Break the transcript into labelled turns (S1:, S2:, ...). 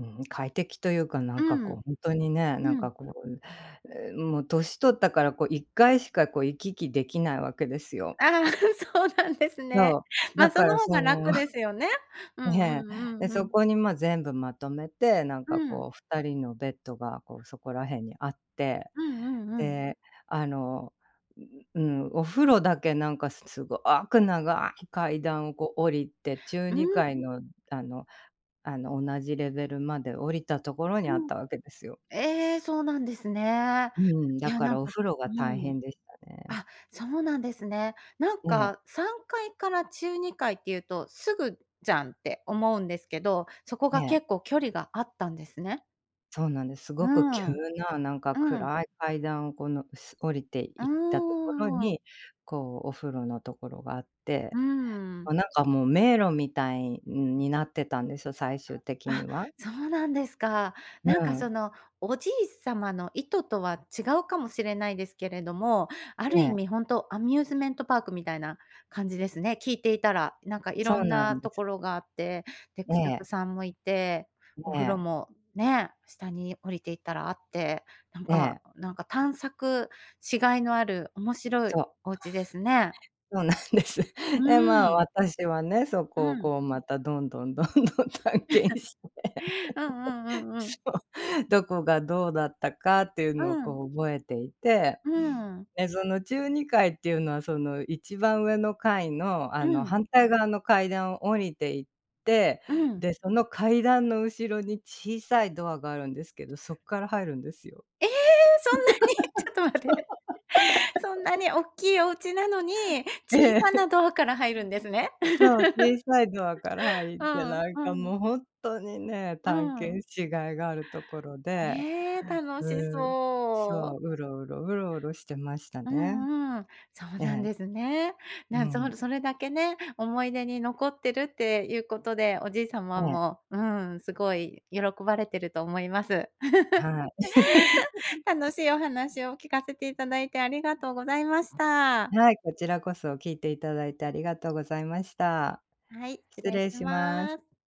S1: ん快適というか、なん
S2: う
S1: かこう
S2: ん。
S1: 本当にね、な
S2: う
S1: んか
S2: ん。
S1: こう、ええ、んもう年取ったからこう1回しかこう行き来できないわけですよ。
S2: ああ、そうなんですね。
S1: そう、だ
S2: ま、そ
S1: か
S2: の
S1: ら
S2: 方
S1: そ
S2: が
S1: の
S2: 楽で すよね。うんう
S1: ね、
S2: んう
S1: で、
S2: んう
S1: そ
S2: ん。
S1: こにま、全部まとめて、なん
S2: う
S1: か
S2: ん。
S1: こう2人のベッドがこうそこら辺にあって、
S2: うんうんうん。
S1: で、あの、うううん、お風呂だけなんかすごおく長い階段をこう降りて、中
S2: う
S1: に
S2: ん。
S1: かいのあのあの同じレベルまで降りたところにあ
S2: う
S1: っ
S2: ん。
S1: たわけですよ。
S2: ええ、そうなんですね。
S1: うん、
S2: い
S1: だ
S2: や
S1: か
S2: なん
S1: らお
S2: か、
S1: 風呂が
S2: う
S1: 大
S2: ん。
S1: 変でしたね。
S2: あ、そうなんですね。なん
S1: ええ。
S2: か3階から中2階っていうと、すぐじゃんって思うんですけど、そこ
S1: え
S2: が
S1: え。
S2: 結構距離があったんですね。
S1: そうなんです。す
S2: う
S1: ごく急
S2: ん。
S1: な、なんか
S2: うん。
S1: 暗い階段をこのす降りて
S2: う
S1: 行ったところ
S2: ーん。
S1: に、こうお風呂の所があって、
S2: うん。
S1: もうなんかもう迷路みたいんになってたんですよ、最終的
S2: あ、
S1: には。
S2: そうなんですか。
S1: う
S2: なんかそ
S1: ん。
S2: のおじいさまの意図とは違うかもしれないですけれども、ある
S1: え
S2: 意
S1: え。
S2: 味本当アミューズメントパークみたいな感じですね、聞いていたら、なんかい
S1: そ
S2: ろ
S1: う
S2: ん
S1: な
S2: な
S1: んで
S2: と
S1: す。
S2: ころがあって、で
S1: え
S2: 孔爵
S1: え。
S2: さんもいて、お
S1: え
S2: 風呂
S1: え。
S2: もね、下に降りていたらあって、なん
S1: え
S2: か
S1: え。
S2: なんか探索しがいのある面白
S1: そ
S2: い
S1: う。
S2: お家ですね。
S1: そうなんです。
S2: う
S1: でまあ、
S2: ん。
S1: 私はね、そ
S2: う
S1: こを
S2: ん。
S1: こうまたどんどんどんどん探検して。
S2: うんうんうんう
S1: そ
S2: ん。
S1: う、どこがどうだったかっていう
S2: う
S1: のを
S2: ん。
S1: こう覚えていて、
S2: うん。
S1: でその中2階っていうのはその、番上の階のあ
S2: う
S1: の、
S2: ん。
S1: 反対側の階段を降りて行って、
S2: うん。
S1: で、その階段の後ろに小さいドアがあるんですけど、そっから入るんですよ。
S2: ええ、そんなに？ちょっと待って。そんな におっきいお家なのに、
S1: ええ。
S2: 小さ なドアから入るんですね。
S1: そう、小さいドアから 入っ
S2: う
S1: て
S2: ん、
S1: なんか
S2: うん。
S1: もうほんっとにね、
S2: う
S1: 探
S2: ん。
S1: 検し甲斐があるところで、
S2: ねえ、楽し
S1: うん、そ
S2: そ
S1: う、う
S2: う。
S1: ろうろうろうろしてました
S2: う
S1: ね。
S2: んうん。そう
S1: え
S2: なん
S1: え。
S2: ですね。
S1: う
S2: なん
S1: ん。
S2: そそれだけね、思い出に残ってるっていうことで、おじいさ
S1: え
S2: ま
S1: え。
S2: も、うん、すごい喜ばれてると思います。
S1: はい。
S2: 楽 しいお話を聞かせていただいてありがとうございました。
S1: はい、こちらこそ聞いていただいてありがとうございました。
S2: はい、失
S1: 失
S2: 礼
S1: 礼
S2: し
S1: します。
S2: ます。